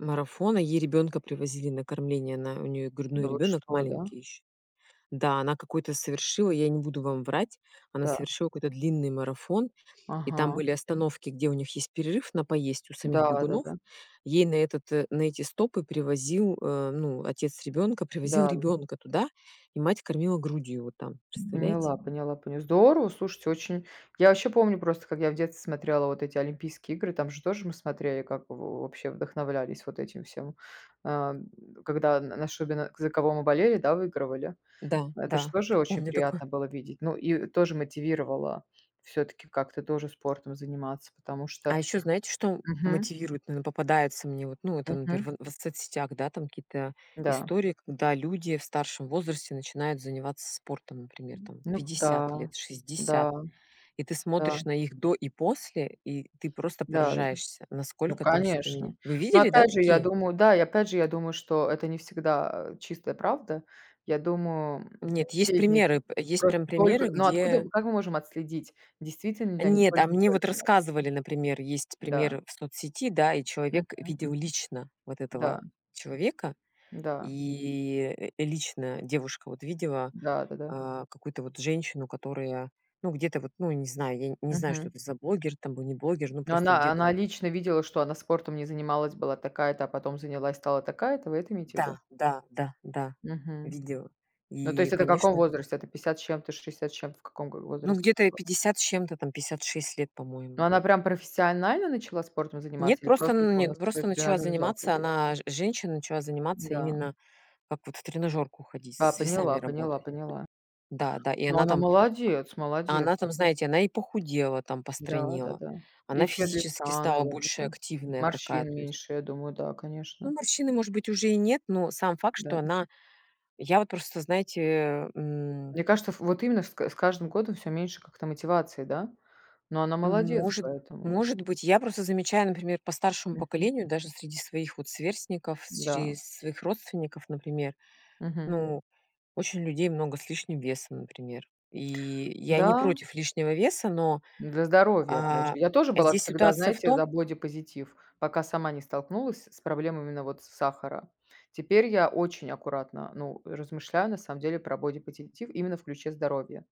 Марафона, ей ребёнка привозили на кормление, она у неё грудной Да вы ребёнок что, да? маленький ещё. Да, она какой-то совершила, я не буду вам врать, она Та. совершила какой-то длинный марафон, и там Ага. были остановки, где у них есть перерыв на поесть у самих Да бегунов. да-да. Ей на этот э, на эти стопы привозил э, ну, отец ребёнка привозил Да. ребёнка туда, и мать кормила грудью его там. Представляете? Поняла, поняла, понял здорово. Слушайте, очень. Я вообще помню просто, как я в детстве смотрела вот эти Олимпийские игры, там же тоже мы смотрели, как во вообще вдохновлялись вот этим всем. Э, когда н нашу бе за кого мы болели, да, выигрывали. Да Это ж да, тоже очень помню такое. приятно было видеть. Ну и тоже мотивировало всё-таки как-то тоже спортом заниматься, потому что А ещё знаете, что мгм. мотивирует, ну, или попадается мне, вот, ну, это, Мгм. наперв в соцсетях, да, там какие-то Да. истории, когда люди в старшем возрасте начинают заниматься спортом, например, М, там ну, к 50 да. лет, 60. Да. И ты Да. смотришь на их "до" и "после", и ты просто Да, э, поражаешься, ну насколько там всё поменя конечно. вы Ну, видели, да, опять же, я такие? думаю, да и, опять же, я думаю, что это не всегда, э, чистая правда. Я думаю, не Нет, есть все из них примеры, п есть просто прям примеры, только ну, откуда, где как мы можем отследить, действительно ли они Нет, а мне вот только-только начали? рассказывали, например, есть Да. пример в соцсети, да, и человек Мгм. видел лично вот этого Да. человека, Да. и лично девушка вот видела, Да, да-да. а, какую-то вот женщину, которая, ну, где-то вот, ну, не знаю, ей, не знаю, что Мгм. это за блогер там был, не блогер. Ну, Ну, просто она где-то она вот лично видела, что она спортом не занималась, была такая-то, а потом занялась, стала такая-то? Вы это имеете в виду? Да, да, да, да, Мгм. видела. Ну, то И, есть это в каком конечно возрасте? Это 50 с чем-то, 60 с чем-то, в каком го Ну, возрасте где-то это ей было? 50 с чем-то, там 56 лет, Ну, по-моему. она прям профессионально начала спортом Нет, заниматься или просто, просто ну, упорно нет, стала просто в начала тренажёрный зал заниматься ходить? она ж женщина начала заниматься М-да. именно как вот в тренажёрку ходить, А, с весами поняла, поняла, работать. поняла. Да да, и Ну, она она там, молодец, а, молодец. она там, знаете, она и похудела, там, Да, постройнела. да-да. Она И цвет физически лица, стала наверно, больше да, активная такая, морщин то есть меньше, я думаю, да, Ну, конечно. морщины, может быть, уже и нет, но сам факт, Да. что она я вот просто, знаете, м Мне кажется, ф вот именно с к с каждым годом всё меньше как-то мотивации, да? Но она молодец Может поэтому. может быть. Я просто замечаю, например, по старшему Мгм. поколению, даже среди своих вот сверстников, с Да. чрез своих родственников, например. Мгм. Ну, очень людей много с лишним весом, например. И я не Да. против лишнего веса, но, Для здоровья, опять же. а, Я тоже была здесь всегда, ситуация в знаете, за том бодипозитив. Пока сама не столкнулась с проблемами, на вот, сахара. Теперь я очень аккуратно, ну, размышляю, на самом деле, про бодипозитив именно в ключе здоровья.